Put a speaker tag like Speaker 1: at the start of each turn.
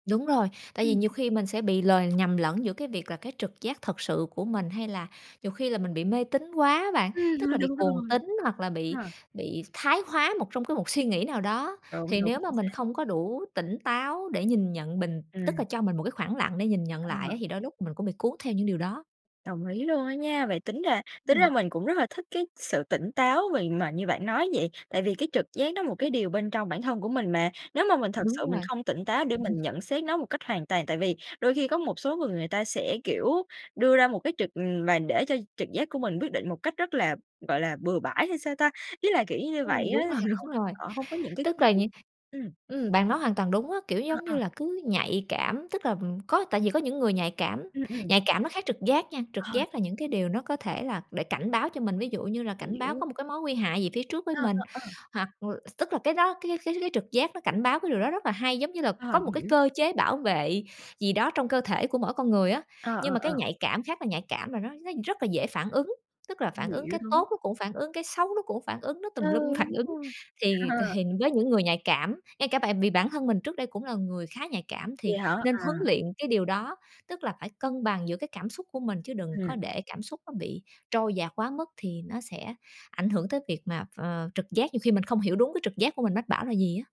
Speaker 1: Đúng rồi, tại vì
Speaker 2: Ừm.
Speaker 1: nhiều khi mình sẽ bị lời nhầm lẫn giữa cái việc là cái trực giác thật sự của mình, hay là nhiều khi là mình bị mê tín quá á bạn,
Speaker 2: Ừm,
Speaker 1: tức
Speaker 2: thôi
Speaker 1: là bị
Speaker 2: đủ
Speaker 1: cuồng
Speaker 2: rồi.
Speaker 1: tín hoặc là bị
Speaker 2: Ha.
Speaker 1: bị thái hóa một trong cái một suy nghĩ nào đó.
Speaker 2: Đúng,
Speaker 1: Thì
Speaker 2: đúng,
Speaker 1: nếu mà
Speaker 2: chính
Speaker 1: mình
Speaker 2: xác.
Speaker 1: không có đủ tỉnh táo để nhìn nhận bình tức là
Speaker 2: Ừm.
Speaker 1: cho mình một cái khoảng lặng để nhìn nhận lại á
Speaker 2: Ờ.
Speaker 1: thì đôi lúc mình cũng bị cuốn theo những điều đó.
Speaker 2: Đồng ý luôn á nha. Vậy tính ra tính ra
Speaker 1: Ừm.
Speaker 2: mình cũng rất là thích cái sự tỉnh táo về mà như bạn nói vậy, tại vì cái trực giác nó một cái điều bên trong bản thân của mình mà. Nếu mà mình thật sự
Speaker 1: Đúng
Speaker 2: mình
Speaker 1: rồi.
Speaker 2: không tỉnh táo để mình nhận xét nó một cách hoàn toàn, tại vì đôi khi có một số người người ta sẽ, kiểu, đưa ra một cái trực, ừm và để cho trực giác của mình quyết định một cách rất là, gọi là, bừa bãi hay sao ta? Ý là, kiểu, cứ như vậy
Speaker 1: Ừm,
Speaker 2: á,
Speaker 1: đúng
Speaker 2: là
Speaker 1: rồi,
Speaker 2: họ
Speaker 1: đúng rồi,
Speaker 2: họ hông có những cái
Speaker 1: tức
Speaker 2: kiến
Speaker 1: là
Speaker 2: thức.
Speaker 1: những
Speaker 2: Ừm.
Speaker 1: ừm, bạn nói hoàn toàn đúng á, kiểu,
Speaker 2: Ờ,
Speaker 1: giống
Speaker 2: ờ.
Speaker 1: như là, cứ nhạy cảm, tức là, ừm, có tại vì có những người nhạy cảm,
Speaker 2: Ừm, ừm.
Speaker 1: nhạy cảm nó khác trực giác nha. Trực
Speaker 2: Ờ.
Speaker 1: giác là những cái điều nó có thể là để cảnh báo cho mình, ví dụ như là cảnh báo
Speaker 2: Hiểu.
Speaker 1: có một cái mối nguy hại gì phía trước với
Speaker 2: Ờ,
Speaker 1: mình
Speaker 2: ờ, ờ.
Speaker 1: hoặc l tức là cái đó, cái cái cái trực giác nó cảnh báo cái điều đó rất là hay, giống như là
Speaker 2: Ờ,
Speaker 1: có một cái
Speaker 2: hiểu.
Speaker 1: cơ chế bảo vệ gì đó trong cơ thể của mỗi con người á.
Speaker 2: Ờ, ờ,
Speaker 1: Nhưng mà cái
Speaker 2: ờ.
Speaker 1: nhạy cảm khác là nhạy cảm là nó nó rất là dễ phản ứng, tức là phản ứng
Speaker 2: Hiểu,
Speaker 1: cái
Speaker 2: đúng.
Speaker 1: tốt nó cũng phản ứng, cái xấu nó cũng phản ứng, nó
Speaker 2: Ừ,
Speaker 1: tùm lum phản
Speaker 2: đúng
Speaker 1: ứng.
Speaker 2: rồi.
Speaker 1: Thì c
Speaker 2: Ờ.
Speaker 1: hình với những người nhạy cảm, ngay cả bại bị bản thân mình trước đây cũng là người khá nhạy cảm thì
Speaker 2: Vậy hả?
Speaker 1: nên huấn
Speaker 2: À.
Speaker 1: luyện cái điều đó, tức là phải cân bằng giữa cái cảm xúc của mình, chứ đừng có
Speaker 2: Ừm.
Speaker 1: để cảm xúc nó bị trôi dạt quá mức thì nó sẽ ảnh hưởng tới việc mà ph ờ, trực giác, nhiều khi mình không hiểu đúng cái trực giác của mình mách bảo là gì á.